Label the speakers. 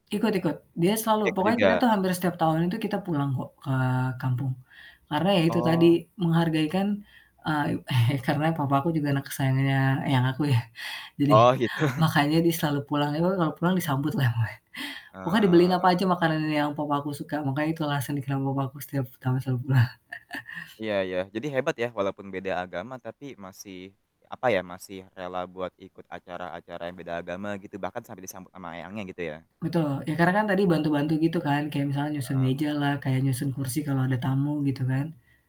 Speaker 1: Ikut ikut, dia selalu.
Speaker 2: Ikut
Speaker 1: Pokoknya kita
Speaker 2: juga.
Speaker 1: tuh hampir setiap tahun itu kita pulang kok ke kampung. Karena ya itu tadi,
Speaker 2: Oh.
Speaker 1: menghargai kan eee, karena papa aku juga anak kesayangannya eyang aku ya, jadi,
Speaker 2: Oh, gitu.
Speaker 1: makanya dia selalu pulang, eee, kalau pulang disambut lah. [unintelligible] Pokoknya dibeliin apa
Speaker 2: Eee
Speaker 1: aja, makanan yang papa aku suka, makanya itu alasan kenapa papaku setiap tahun selalu pulang.
Speaker 2: Iya iya, jadi hebat ya, walaupun beda agama tapi masih, apa ya, masih rela buat ikut acara-acara yang beda agama, gitu, bahkan sampai disambut ama eyangnya gitu ya.
Speaker 1: Betul. Ya karena kan tadi bantu-bantu gitu kan. Kayak misalnya nyusun
Speaker 2: Heeh.
Speaker 1: meja lah, kayak nyusun kursi kalau ada tamu, gitu kan.